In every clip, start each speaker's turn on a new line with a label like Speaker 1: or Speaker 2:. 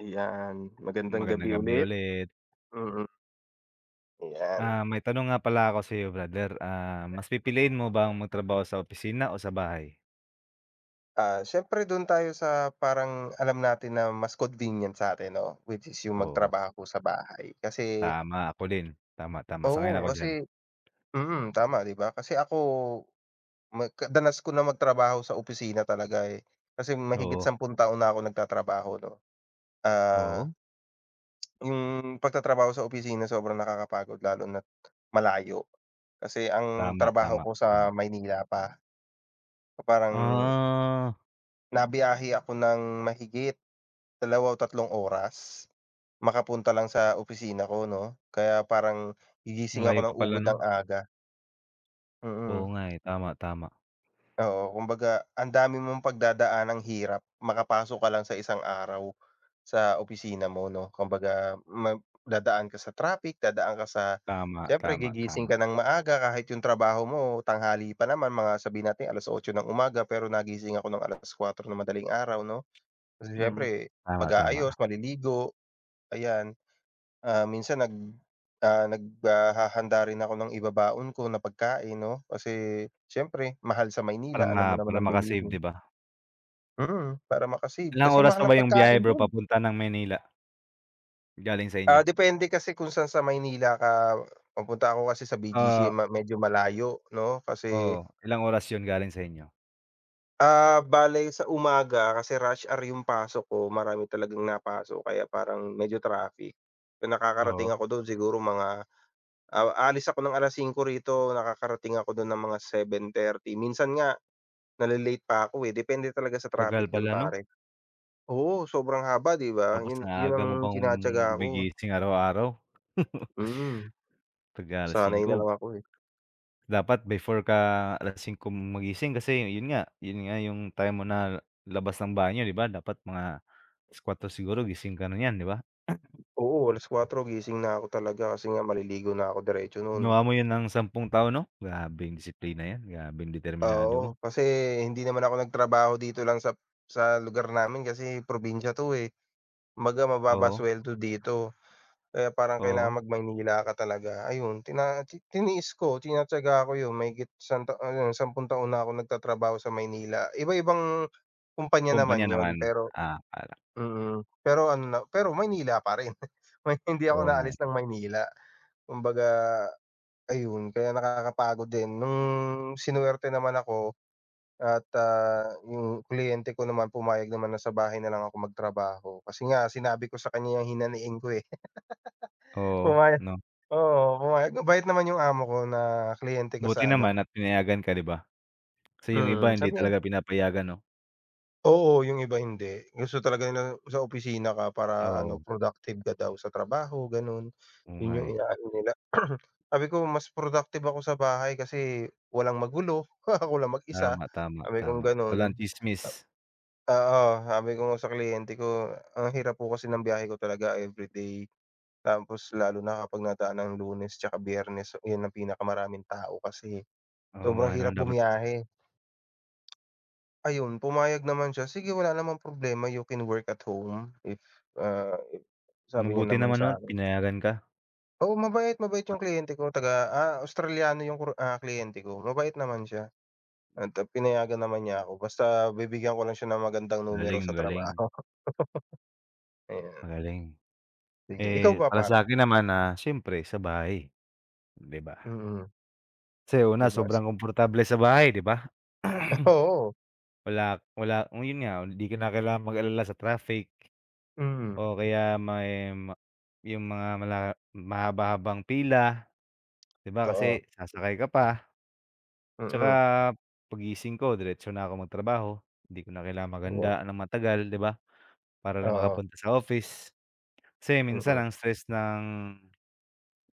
Speaker 1: Ayan, magandang
Speaker 2: Magandang
Speaker 1: gabi
Speaker 2: gabi
Speaker 1: ulit.
Speaker 2: ulit.
Speaker 1: Mm. Ayan.
Speaker 2: Ah, may tanong nga pala ako sayo brother, ah, mas pipiliin mo bang mag trabaho sa opisina o sa bahay?
Speaker 1: Ah, siyempre do'n tayo sa parang alam natin na mas convenient satin 'no, which is yung
Speaker 2: Oo.
Speaker 1: magtrabaho sa bahay kasi
Speaker 2: Tama, ako din. Tama tama, sang-ayon
Speaker 1: Oo
Speaker 2: ako diyan.
Speaker 1: kasi mm, tama 'di ba? Kasi ako, mag danas ko na magtrabaho sa opisina talaga, eh, kasi mahigit
Speaker 2: Oo.
Speaker 1: sampung taon na ako nagtatrabaho 'no, ah,
Speaker 2: Oo.
Speaker 1: yung pagtatrabaho sa opisina sobrang nakakapagod lalo na't malayo, kasi ang
Speaker 2: Tama,
Speaker 1: trabaho
Speaker 2: tama,
Speaker 1: ko sa
Speaker 2: tama.
Speaker 1: Maynila pa. So parang
Speaker 2: Ah.
Speaker 1: na biyahe ako ng mahigit 2 o 3 oras, makapunta lang sa opisina ko 'no. Kaya parang
Speaker 2: Ang
Speaker 1: gigising ako
Speaker 2: layo pa
Speaker 1: ng
Speaker 2: pala
Speaker 1: ubod ng
Speaker 2: 'no.
Speaker 1: aga.
Speaker 2: Oo
Speaker 1: Mm.
Speaker 2: nga, eh. Tama, tama.
Speaker 1: Oo, kumbaga ang dami mong pagdadaanang hirap makapasok ka lang sa isang araw sa opisina mo 'no. Kumbaga ma dadaan ka sa traffic, dadaan ka sa
Speaker 2: Tama,
Speaker 1: siyempre,
Speaker 2: tama,
Speaker 1: gigising
Speaker 2: tama.
Speaker 1: ka ng maaga kahit yung trabaho mo tanghali pa naman, mga sabihin natin 8:00 ng umaga pero nagising ako ng 4:00 ng madaling araw 'no, kasi
Speaker 2: Mm.
Speaker 1: siyempre
Speaker 2: Tama, tama.
Speaker 1: mag-aayos, maliligo, ayan. Ah, minsan nag, ah, naghahanda rin ako ng ibabaon ko na pagkain 'no, kasi siyempre mahal sa Maynila
Speaker 2: Para
Speaker 1: alam mo
Speaker 2: ma
Speaker 1: naman
Speaker 2: para
Speaker 1: ang
Speaker 2: maka-save
Speaker 1: bilihin.
Speaker 2: 'di ba?
Speaker 1: Mm, para maka-save.
Speaker 2: Ilang
Speaker 1: Kasi
Speaker 2: oras pa
Speaker 1: mahal ang
Speaker 2: ba yung biyahe,
Speaker 1: pagkain
Speaker 2: bro,
Speaker 1: 'don.
Speaker 2: papunta ng Maynila? Galing sa inyo.
Speaker 1: Ah, depende kasi kung sa'n sa Maynila ka pupunta. Ako kasi sa BGC,
Speaker 2: Ah.
Speaker 1: ma medyo malayo, 'no? Kasi
Speaker 2: Oo, ilang oras yun galing sa inyo?
Speaker 1: Ah, bale sa umaga kasi rush hour yung pasok ko. Marami talagang napasok, kaya parang medyo traffic. So, nakakarating
Speaker 2: Oo.
Speaker 1: ako do'n siguro mga, ah, aalis ako ng 5:00 rito, nakakarating ako dun ng mga 7:30. Minsan nga, nale-late pa ko, eh. Depende talaga sa
Speaker 2: Tagal
Speaker 1: traffic 'yon
Speaker 2: pala, 'no?
Speaker 1: pare. Oo, sobrang haba, 'di ba?
Speaker 2: Tapos,
Speaker 1: Yun yun
Speaker 2: aga
Speaker 1: ang
Speaker 2: mo pang
Speaker 1: tini-tyaga ko.
Speaker 2: gumigising araw-araw.
Speaker 1: Mhm.
Speaker 2: Mag a
Speaker 1: Nasanay na
Speaker 2: 5:00.
Speaker 1: lang ako, eh.
Speaker 2: Dapat, before ka 5:00 magising. Kasi yun nga, yun nga yung time mo na labas ng banyo. 'Di ba dapat mga 4:00 siguro, gising ka na niyan, 'di ba?
Speaker 1: Oo, 4:00 gising na ko talaga. Kasi nga maliligo na 'ko diretso 'non.
Speaker 2: Ginawa mo yun ng 10 taon, 'no? Grabeng disiplina 'yan. Grabeng determinado mo.
Speaker 1: Oo, kasi hindi naman ako nagtrabaho dito lang sa sa lugar namin. Kasi probinsya 'to, eh. Maga mababa
Speaker 2: Oo.
Speaker 1: suweldo dito. Kaya parang
Speaker 2: Oo.
Speaker 1: kailangan mag-Maynila ka talaga. Ayun, tinati tiniis ko, tini-tyaga ko 'yon. Mahigit isang ta ano 10 taon na ko nagtatrabaho sa Maynila. Iba-ibang kumpanya naman
Speaker 2: Kumpanya
Speaker 1: 'yon.
Speaker 2: naman?
Speaker 1: Pero
Speaker 2: Ah, kala
Speaker 1: mm, pero ano na, pero Maynila pa rin. May hindi ako
Speaker 2: Oo nga,
Speaker 1: naalis
Speaker 2: eh.
Speaker 1: ng Maynila. Kumbaga, ayun, kaya nakakapagod din. Nung sinuwerte naman ako at, ah, yung kliyente ko naman, pumayag naman na sa bahay na lang ako magtrabaho. Kasi nga sinabi ko sa kanya yung hinanaing ko, eh.
Speaker 2: Oo,
Speaker 1: Pumaya
Speaker 2: 'no?
Speaker 1: oo, pumayag. Mabait naman yung amo ko na kliyente ko
Speaker 2: Buti
Speaker 1: sa
Speaker 2: naman
Speaker 1: ano
Speaker 2: at pinayagan ka, 'di ba? Kasi, yung
Speaker 1: Mm,
Speaker 2: iba hindi
Speaker 1: sabi niya
Speaker 2: talaga pinapayagan, 'no?
Speaker 1: Oo, yung iba hindi. Gusto talaga ng sa opisina ka, para ano,
Speaker 2: Oo.
Speaker 1: productive ka daw sa trabaho, gano'n,
Speaker 2: Oo nga
Speaker 1: yun yung
Speaker 2: eh.
Speaker 1: inaano nila. Sabi ko, mas productive ako sa bahay kasi walang magulo, ako lang mag-isa,
Speaker 2: Tama tama
Speaker 1: sabi
Speaker 2: tama.
Speaker 1: kong gano'n.
Speaker 2: Walang
Speaker 1: Ap
Speaker 2: tsismis.
Speaker 1: Oo, sabi ko nga sa kliyente ko, "Ang hirap po kasi ng biyahe ko talaga everyday. Tapos, lalo na kapag nadaan ng Lunes tsaka Biyernes, yun ang pinakamaraming tao kasi,
Speaker 2: Oo
Speaker 1: sobrang
Speaker 2: nga, 'no?
Speaker 1: hirap
Speaker 2: Dapat
Speaker 1: bumiyahe." Ayun, pumayag naman siya. "Sige, wala namang problema. You can work at home if, ah" sabi niya
Speaker 2: Mabuti
Speaker 1: naman
Speaker 2: naman, 'no, at
Speaker 1: sakin.
Speaker 2: pinayagan ka.
Speaker 1: Oo mabait, mabait
Speaker 2: Ah.
Speaker 1: yung kliyente ko taga, ah, Australiano yung kuru, ah, kliyente ko. Mabait naman siya at, ah, pinayagan naman niya ako, basta bibigyan ko lang siya ng magandang numero sa
Speaker 2: Magaling-magaling.
Speaker 1: trabaho. Ayan.
Speaker 2: Magaling.
Speaker 1: Sige, ikaw
Speaker 2: Eh,
Speaker 1: ba,
Speaker 2: para
Speaker 1: pare?
Speaker 2: sakin naman, ah, syempre sa bahay, di ba?
Speaker 1: Mm.
Speaker 2: Kasi,
Speaker 1: Di
Speaker 2: una
Speaker 1: ba s
Speaker 2: sobrang komportable sa bahay, di ba?
Speaker 1: Oo.
Speaker 2: Wala wala, oh, yun nga, hindi ko na kailangan mag-alala sa traffic
Speaker 1: Mhm.
Speaker 2: o kaya may ma yung mga mala mahaba-habang pila. Di ba kasi
Speaker 1: Totoo.
Speaker 2: sasakay ka pa. Tsaka,
Speaker 1: Mm.
Speaker 2: paggising ko, diretso na ako magtrabaho. Hindi ko na kailangang
Speaker 1: Oo
Speaker 2: maghanda
Speaker 1: nga.
Speaker 2: nang matagal, di ba? Para lang
Speaker 1: Oo.
Speaker 2: makapunta sa office. Kasi minsan
Speaker 1: Mm.
Speaker 2: ang stress ng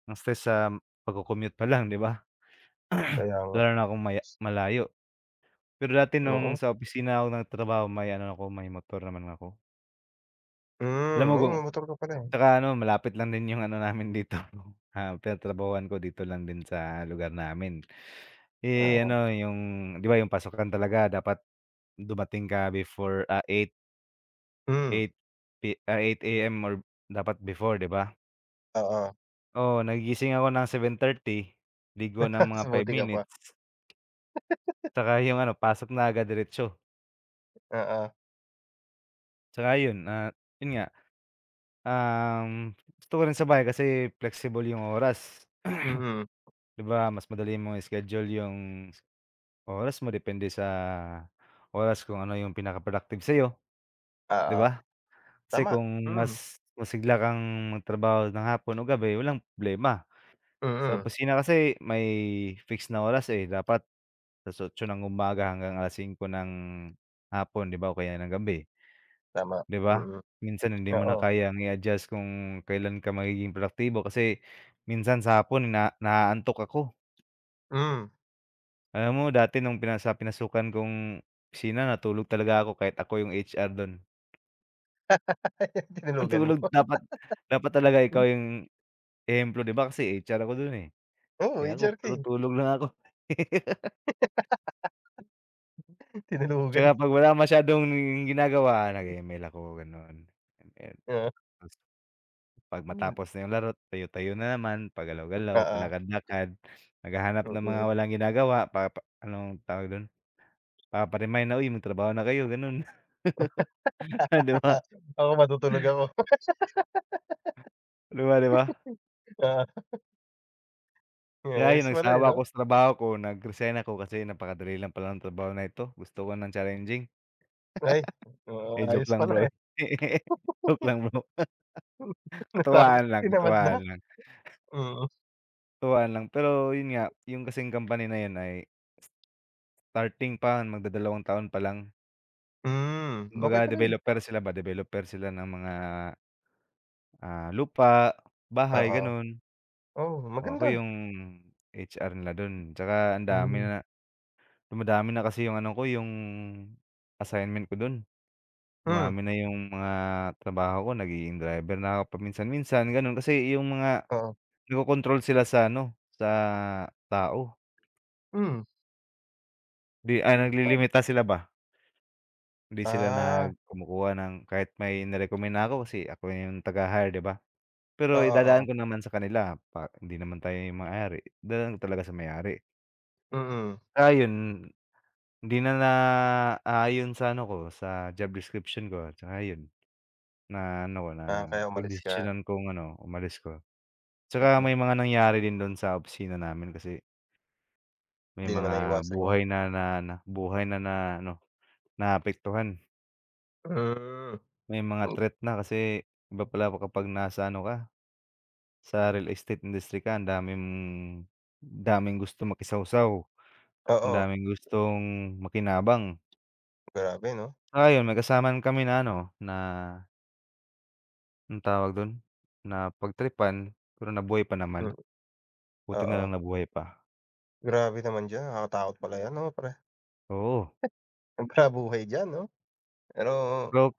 Speaker 2: mas stress sa pagco-commute palang, di ba?
Speaker 1: Kaya nga.
Speaker 2: Lalo na kung maya
Speaker 1: S
Speaker 2: malayo. Pero dati nung
Speaker 1: Oo.
Speaker 2: sa opisina ako nagtrabaho, may ano ako, may motor naman ako.
Speaker 1: Hmm.
Speaker 2: Alam mo
Speaker 1: Oh,
Speaker 2: kung
Speaker 1: nagmo-motor ko pala, eh.
Speaker 2: 'tsaka ano, malapit lang din 'yong ano namin dito, ah, pinatrabahuan ko, dito lang din sa lugar namin. Eh,
Speaker 1: Oo.
Speaker 2: ano, 'yong, 'di ba, 'yong pasukan talaga dapat dumating ka before, ah, 8
Speaker 1: Hmm.
Speaker 2: 8 P or 8:00 AM or dapat before, 'di ba?
Speaker 1: Oo.
Speaker 2: Oo, nagigising ako ng 7:30, ligo ng mga
Speaker 1: Mas
Speaker 2: 5
Speaker 1: mabuti ka pa.
Speaker 2: minutes 'tsaka 'yong ano, pasok na agad, diretso.
Speaker 1: Oo.
Speaker 2: 'Tsaka 'yon, ah, 'yon nga. Um, gusto ko rin sa bahay kasi flexible 'yong oras.
Speaker 1: Mhm.
Speaker 2: 'Di ba mas madali mong i-schedule 'yong s oras mo depende sa oras kung ano 'yong pinaka-productive sa'yo, 'di
Speaker 1: Oo.
Speaker 2: ba? Kasi
Speaker 1: Tama,
Speaker 2: kung
Speaker 1: mm.
Speaker 2: mas masigla kang magtrabaho nang hapon o gabi, walang problema. Sa
Speaker 1: Mm.
Speaker 2: opisina kasi may fixed na oras, eh, dapat 8 ng umaga hanggang 5 ng hapon, 'di ba, o kaya ng gabi,
Speaker 1: Tama,
Speaker 2: 'di ba?
Speaker 1: mm.
Speaker 2: Minsan hindi mo na
Speaker 1: Oo.
Speaker 2: kayang i-adjust kung kailan ka magiging produktibo kasi minsan sa hapon na naantok ako.
Speaker 1: Hmm.
Speaker 2: Alam mo dati nung pinasa pinasukan kong opisina natulog talaga ako kahit ako yung HR don. Ang
Speaker 1: Tinulugan mo?
Speaker 2: tulog dapat dapat talaga
Speaker 1: Mm.
Speaker 2: ikaw yung ehemplo 'di ba kasi HR ako do'n, eh.
Speaker 1: Oo,
Speaker 2: Eh, ako
Speaker 1: HR ka, eh.
Speaker 2: patulog-tulog lang ako.
Speaker 1: Tinulugan.
Speaker 2: 'Tsaka pag wala masyadong ginagawa nag e-ML ako, ganon ML,
Speaker 1: Oo.
Speaker 2: 'pag
Speaker 1: Hmm.
Speaker 2: matapos na yung laro tayo-tayo na naman pagalaw-galaw,
Speaker 1: Oo.
Speaker 2: palakad-lakad naghahanap ng mga
Speaker 1: Mm.
Speaker 2: walang ginagawa para pa anong tawag dun, papa-remind na, uy magtrabaho na kayo, gano'n. Oh, 'di ba.
Speaker 1: Ako, matutulog ako.
Speaker 2: 'Di ba, 'di ba.
Speaker 1: Oo.
Speaker 2: Kaya
Speaker 1: Ayos
Speaker 2: 'yon
Speaker 1: pala eh
Speaker 2: nagsawa
Speaker 1: 'no.
Speaker 2: ko sa trabaho ko nag-resign ako kasi napakadali lang pala ng trabaho na ito gusto ko ng challenging.
Speaker 1: Ay, oo
Speaker 2: 'Di joke
Speaker 1: ayos
Speaker 2: lang
Speaker 1: pala,
Speaker 2: bro oy.
Speaker 1: eh.
Speaker 2: Joke lang bro.
Speaker 1: Natawa,
Speaker 2: Katuwaan lang,
Speaker 1: tinamad na.
Speaker 2: katuwaan lang.
Speaker 1: Mm.
Speaker 2: Katuwaan lang pero 'yun nga, yung kasing company na 'yon ay starting pa, magdadalawang taon pa lang.
Speaker 1: Hmm, okay
Speaker 2: Kumbaga
Speaker 1: pala, eh.
Speaker 2: developer sila ba. Developer sila ng mga, ah, lupa, bahay,
Speaker 1: Oo.
Speaker 2: gano'n.
Speaker 1: Oo,
Speaker 2: Oh, ako
Speaker 1: maganda.
Speaker 2: 'yong HR nila do'n. 'Tsaka ang dami
Speaker 1: Mm.
Speaker 2: na dumadami na kasi 'yong ano ko, 'yong assignment ko do'n.
Speaker 1: Mm.
Speaker 2: Dumami na 'yong mga trabaho ko, nagiging driver na ako paminsan-minsan, gano'n. Kasi iyong mga
Speaker 1: Oo.
Speaker 2: kinokontrol sila sa ano, sa tao.
Speaker 1: Mm.
Speaker 2: 'Di ah,
Speaker 1: Saan?
Speaker 2: naglilimita sila ba. Hindi sila
Speaker 1: Ah.
Speaker 2: nag kumukuha ng kahit may ni-recommend na ako, kasi ako 'yong taga-hire, ‘di ba? Pero
Speaker 1: Oo,
Speaker 2: idadaan
Speaker 1: oo.
Speaker 2: ko naman sa kanila pa hindi naman tayo 'yong may-ari. Dadaan talaga sa may-ari.
Speaker 1: Mm.
Speaker 2: Ah, 'yon, hindi na naaayon sa ano ko, sa job description ko. Tsaka 'yon. Na ano ko,
Speaker 1: Ah, kaya umalis ka.
Speaker 2: napagdesisyunan kong ano, umalis 'ko. 'Tsaka
Speaker 1: Mm.
Speaker 2: may mga nangyari din dun sa opisina namin kasi. May
Speaker 1: ‘Di naman
Speaker 2: mga
Speaker 1: naiwasan 'yon.
Speaker 2: buhay na, na na buhay na, na ano, naapektuhan.
Speaker 1: Hmm.
Speaker 2: May mga
Speaker 1: Hmm.
Speaker 2: threat na kasi iba pala kapag nasa ano ka sa real estate industry ka. Ang daming daming gustong makisawsaw, ang
Speaker 1: Oo.
Speaker 2: daming gustong makinabang.
Speaker 1: Grabe, 'no.
Speaker 2: Ay, 'yon, may kasama na kami na ano na Anong tawag dun, napagtripan pero nabuhay pa naman.
Speaker 1: Mm,
Speaker 2: Buti na
Speaker 1: oo.
Speaker 2: lang nabuhay pa.
Speaker 1: Grabe naman diyan, nakakatakot pala 'yan 'no, pre.
Speaker 2: Oo.
Speaker 1: Pagka buhay diyan 'no, pero
Speaker 2: Pero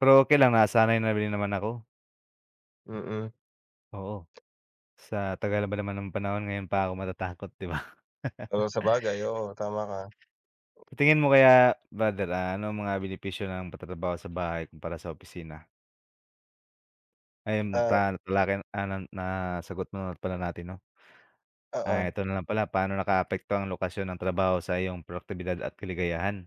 Speaker 2: pero okey lang nasanay na rin naman ako.
Speaker 1: Mm.
Speaker 2: Oo, sa tagal ba naman ng panahon, ngayon pa ako matatakot, di ba?
Speaker 1: Oo, sabagay. Oo, tama ka.
Speaker 2: Sa tingin mo kaya brother, ah, anong mga benepisyo ng pagtatrabaho sa bahay kumpara sa opisina? Ayon,
Speaker 1: Ah.
Speaker 2: ta natalakay, ay, na na nasagot mo na pala natin 'no.
Speaker 1: Oo.
Speaker 2: Ay ito na lang pala, pa'no nakaapekto ang lokasyon ng trabaho sa iyong produktibidad at kaligayahan?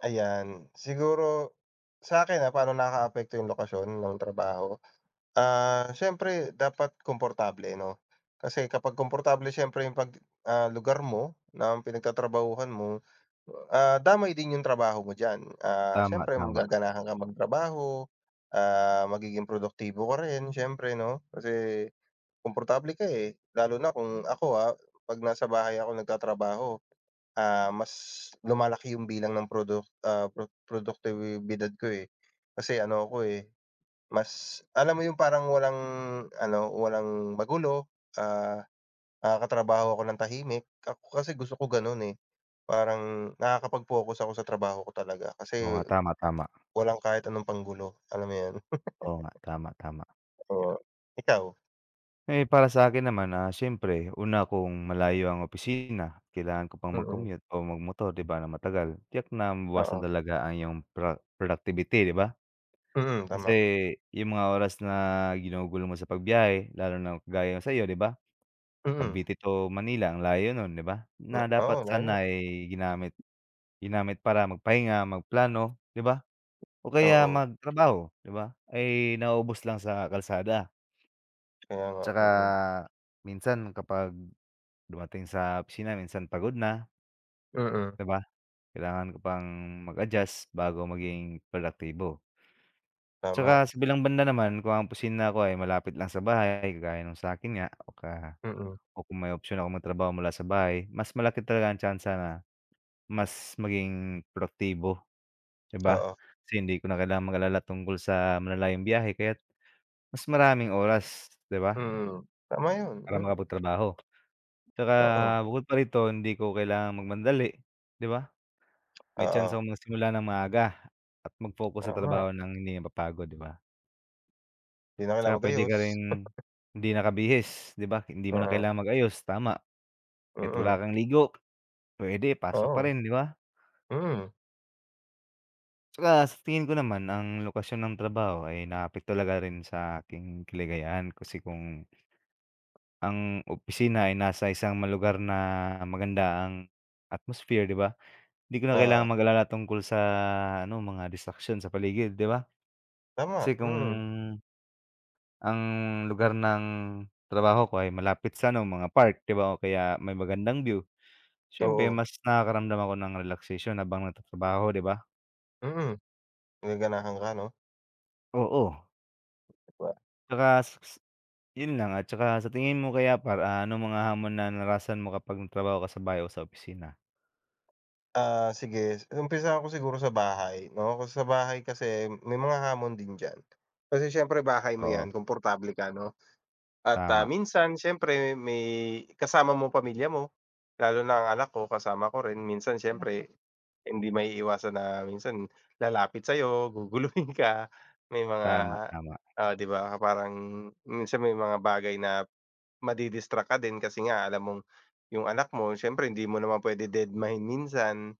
Speaker 1: Ayan, siguro sa'kin, ah, paano nakakaapekto yung lokasyon ng trabaho? Ah, siyempre dapat komportable 'no. Kasi kapag komportable siyempre yung 'pag, ah, lugar mo na pinagtatrabahuhan mo, ah, damay din yung trabaho mo diyan, ah,
Speaker 2: Tama,
Speaker 1: siyempre
Speaker 2: tama.
Speaker 1: magaganahan kang magtrabaho, ah, magiging produktibo ka rin siyempre, no. Kasi komportable ka, eh, lalo na kung ako, ah, 'pag nasa bahay ako, nagtatrabaho, ah, mas lumalaki yung bilang ng produk ah, produktibidad ko, eh, kasi ano ako, eh, mas alam mo yung parang walang ano, walang magulo, ah, nakakatrabaho ako ng tahimik ako kasi gusto ko ganun, eh, parang nakakapag-focus ako sa trabaho ko talaga
Speaker 2: Oo nga,
Speaker 1: kasi
Speaker 2: tama, tama.
Speaker 1: walang kahit anong panggulo, alam mo yun?
Speaker 2: Oo nga. Tama, tama.
Speaker 1: Oo, ikaw.
Speaker 2: Eh, para sakin naman, ah, syempre, una kung malayo ang opisina kailangan ko pang
Speaker 1: Mm.
Speaker 2: mag-commute o magmotor, di ba, ng matagal tiyak na mabawasan
Speaker 1: Oo.
Speaker 2: talaga ang 'yong pro productivity, di ba?
Speaker 1: Mm,
Speaker 2: Kasi
Speaker 1: tama.
Speaker 2: yung mga oras na ginugol mo sa pagbiyahe lalo na gaya sa'yo, di ba?
Speaker 1: Mm.
Speaker 2: Cavite to Manila, ang layo nun, di ba,
Speaker 1: Nga,
Speaker 2: na dapat
Speaker 1: oo, layo.
Speaker 2: sana ay ginamit, ginamit para magpahinga, magplano, di ba, o kaya
Speaker 1: Oo.
Speaker 2: magtrabaho, di ba, ay nauubos lang sa kalsada.
Speaker 1: Kaya nga,
Speaker 2: Tsaka
Speaker 1: mm.
Speaker 2: minsan kapag dumating sa opisina minsan pagod na
Speaker 1: Mm.
Speaker 2: di ba? Kailangan ko pang mag-adjust bago maging produktibo.
Speaker 1: Tama.
Speaker 2: Tsaka sa bilang banda naman kung ang opisina ko ay malapit lang sa bahay kagaya ng sakin nga o ka
Speaker 1: Mm.
Speaker 2: o kung may opsiyon akong magtrabaho mula sa bahay mas malapit talaga ang tsansa na mas maging produktibo, di ba?
Speaker 1: Oo.
Speaker 2: Kasi hindi ko na kailangang mag-alala tungkol sa malalayong biyahe kaya't mas maraming oras, di ba
Speaker 1: Mm, tama yun,
Speaker 2: para
Speaker 1: mm.
Speaker 2: makapagtrabaho tsaka
Speaker 1: Oo.
Speaker 2: bukod pa rito hindi ko kailangan magmadali, di ba? May tsansa
Speaker 1: Oo.
Speaker 2: akong magsimula ng maaga at mag-focus sa
Speaker 1: Tama.
Speaker 2: trabaho ng hindi mapapagod, di ba?
Speaker 1: 'Di na
Speaker 2: Tsaka
Speaker 1: kailangang
Speaker 2: pwede ka
Speaker 1: mag-ayos.
Speaker 2: rin, hindi nakabihis, di ba? Hindi mo na
Speaker 1: Oo.
Speaker 2: kailangang mag-ayos, tama. Kahit wala
Speaker 1: Mm.
Speaker 2: kang ligo, puwede. Pasok pa
Speaker 1: Oo.
Speaker 2: rin, 'di ba?
Speaker 1: Mm.
Speaker 2: Plus tingin ko naman ang lokasyon ng trabaho ay naka-affect talaga rin sa aking kaligayahan. Kasi kung Ang opisina ay nasa isang ma lugar na maganda ang atmosphere, 'di ba? Hindi ko na kailangang
Speaker 1: Oo.
Speaker 2: mag-alala tungkol sa ano, mga distraksiyon sa paligid, 'di ba?
Speaker 1: Tama,
Speaker 2: Kasi kung
Speaker 1: mm.
Speaker 2: Ang lugar ng trabaho ko ay malapit sa ano, mga park, 'di ba? O kaya may magandang view, siyempre
Speaker 1: Oo.
Speaker 2: mas nakakaramdam ako ng relaxation habang nagtatrabaho, di ba?
Speaker 1: Mm, yung gaganahan ka, 'no.
Speaker 2: Oo.
Speaker 1: [unintelligible]
Speaker 2: Saka s s Yun lang at tsaka sa tingin mo kaya par, ah, ano mga hamon na naranasan mo, kapag nagtrabaho ka sa bahay o sa opisina?
Speaker 1: Ah, sige. Umpisahan ko siguro sa bahay, 'no. Kung sa bahay kasi, may mga hamon din diyan. Kasi siyempre bahay mo
Speaker 2: Oo.
Speaker 1: 'yan, komportable ka, 'no. At, ah,
Speaker 2: Tama.
Speaker 1: minsan siyempre may kasama mo pamilya mo, lalo na ang anak ko, kasama ko rin. Minsan
Speaker 2: Inapprove.
Speaker 1: siyempre, hindi maiiwasan na minsan lalapit sa'yo, guguluhin ka. May mga
Speaker 2: Tama, tama.
Speaker 1: oh, 'di ba, parang yung minsan may mga bagay na, madi-distract ka din, kasi nga alam mong yung anak mo, siyempre hindi mo naman puwede dedmahin minsan.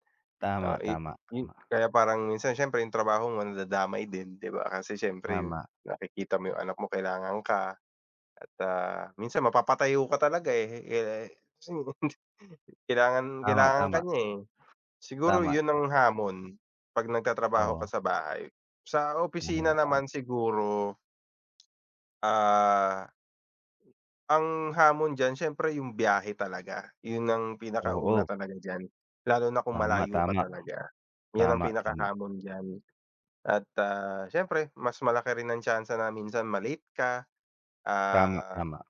Speaker 1: O
Speaker 2: Tama,
Speaker 1: i
Speaker 2: tama,
Speaker 1: yu
Speaker 2: tama.
Speaker 1: kaya parang minsan siyempre, yung trabaho mo nadadamay din, 'di ba? Kasi siyempre,
Speaker 2: Tama.
Speaker 1: nakikita mo yung anak mo kailangan ka at, ah, minsan mapapatayo ka talaga, eh, he eh, kasi kailangan
Speaker 2: Tama,
Speaker 1: kailangan ka
Speaker 2: tama.
Speaker 1: niya, eh. Siguro
Speaker 2: Tama,
Speaker 1: yun ang
Speaker 2: tama.
Speaker 1: hamon, 'pag nagtatrabaho ka
Speaker 2: Oo.
Speaker 1: sa bahay. Sa opisina
Speaker 2: Tama, tama.
Speaker 1: naman siguro Ah. Ang hamon diyan, siyempre yung biyahe talaga. Yun ang pinakauna
Speaker 2: Oo.
Speaker 1: talaga diyan, lalo na kung
Speaker 2: Tama,
Speaker 1: malayo ka
Speaker 2: tama.
Speaker 1: talaga. 'Yan ang
Speaker 2: Tama, tama.
Speaker 1: pinakahamon diyan. At, ah, siyempre mas malaki rin ang tsansa na minsan ma-late ka. Ah
Speaker 2: Tama, tama.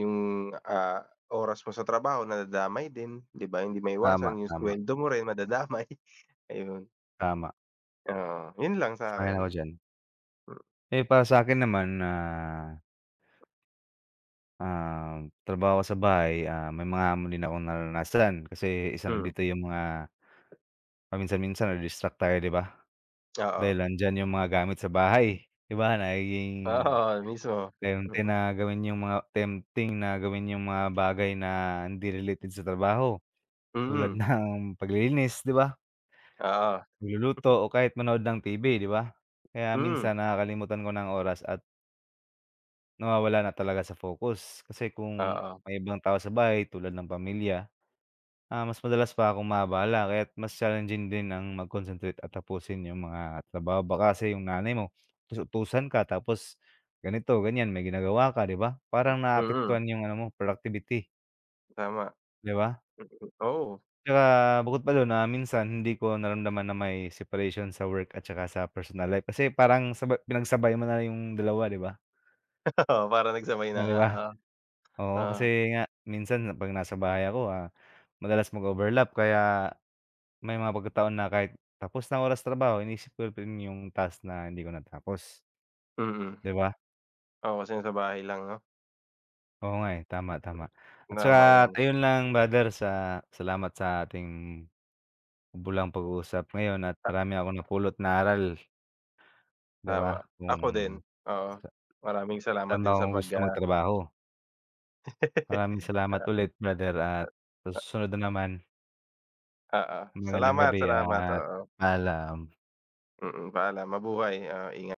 Speaker 1: Yung, ah, oras mo sa trabaho nadadamay din 'di ba, hindi
Speaker 2: Tama,
Speaker 1: maiwasan yung
Speaker 2: tama.
Speaker 1: suweldo mo rin madadamay, ayun.
Speaker 2: Tama.
Speaker 1: Oo, 'yon lang
Speaker 2: Sang-ayon
Speaker 1: sa'kin.
Speaker 2: ako diyan.
Speaker 1: Mm.
Speaker 2: Eh, para sakin naman na um, trabaho sa bahay, ah, may mga hamon din akong nararanasan kasi isa na
Speaker 1: Mm.
Speaker 2: dito yung mga paminsan-minsan na-distract tayo 'di ba?
Speaker 1: Oo.
Speaker 2: Dahil nandiyan yung mga gamit sa bahay di ba, nagiging
Speaker 1: Oo, mismo,
Speaker 2: tempti
Speaker 1: mm.
Speaker 2: na gawin yung mga tempting na gawin yung mga bagay na hindi related sa trabaho tulad
Speaker 1: Mhm.
Speaker 2: ng paglilinis 'di ba?
Speaker 1: Oo.
Speaker 2: Pagluluto o kahit manood ng TV 'di ba, kaya
Speaker 1: Mm.
Speaker 2: minsan nakakalimutan ko ng oras at nawawala na talaga sa focus kasi kung,
Speaker 1: Oo.
Speaker 2: may ibang tao sa bahay tulad ng pamilya, ah, mas madalas pa akong maabala kaya't mas challenging din ang mag-concentrate at tapusin yung mga trabaho. Baka kasi yung nanay mo, utus-utusan ka tapos ganito-ganiyan may ginagawa ka 'di ba,
Speaker 1: M,
Speaker 2: parang
Speaker 1: mm.
Speaker 2: naapektuhan yung ano mo, productivity.
Speaker 1: Tama.
Speaker 2: 'Di ba?
Speaker 1: Mm, oo.
Speaker 2: 'Tsaka bukod pa do'n, ah, minsan hindi ko naramdaman na may separation sa work at saka sa personal life kasi parang sabay pinagsabay mo na yung dalawa 'di ba?
Speaker 1: Oo, parang nagsabay na
Speaker 2: Oh, 'di
Speaker 1: nga,
Speaker 2: ba?
Speaker 1: oo.
Speaker 2: Oo, kasi
Speaker 1: Oo.
Speaker 2: nga minsan 'pag na sa bahay ako, ah, madalas mag-overlap kaya may mga pagkataon na kahit tapos na oras trabaho iniisip ko pa rin yung task na hindi ko natapos.
Speaker 1: Mhm,
Speaker 2: 'Di ba?
Speaker 1: oo kasi na sa bahay lang 'no?
Speaker 2: Oo nga, eh, tama, tama. At saka
Speaker 1: Tama yan.
Speaker 2: ayun lang brother sa salamat sa ating makabuluhang pag-uusap ngayon at
Speaker 1: Ah.
Speaker 2: marami akong napulot na aral. 'Di ba,
Speaker 1: Tama,
Speaker 2: kung
Speaker 1: ako din, oo.
Speaker 2: sa
Speaker 1: Maraming salamat
Speaker 2: saan
Speaker 1: din
Speaker 2: ba
Speaker 1: sa
Speaker 2: kong
Speaker 1: pag,
Speaker 2: gusto
Speaker 1: ah
Speaker 2: magtrabaho. Maraming salamat
Speaker 1: Oo.
Speaker 2: ulit brother at sa
Speaker 1: [unintelligible]
Speaker 2: susunod nanaman.
Speaker 1: Oo,
Speaker 2: Magandang
Speaker 1: salamat,
Speaker 2: gabi
Speaker 1: salamat,
Speaker 2: at
Speaker 1: oo.
Speaker 2: paalam.
Speaker 1: Mm, paalam mabuhay, ah, ingat.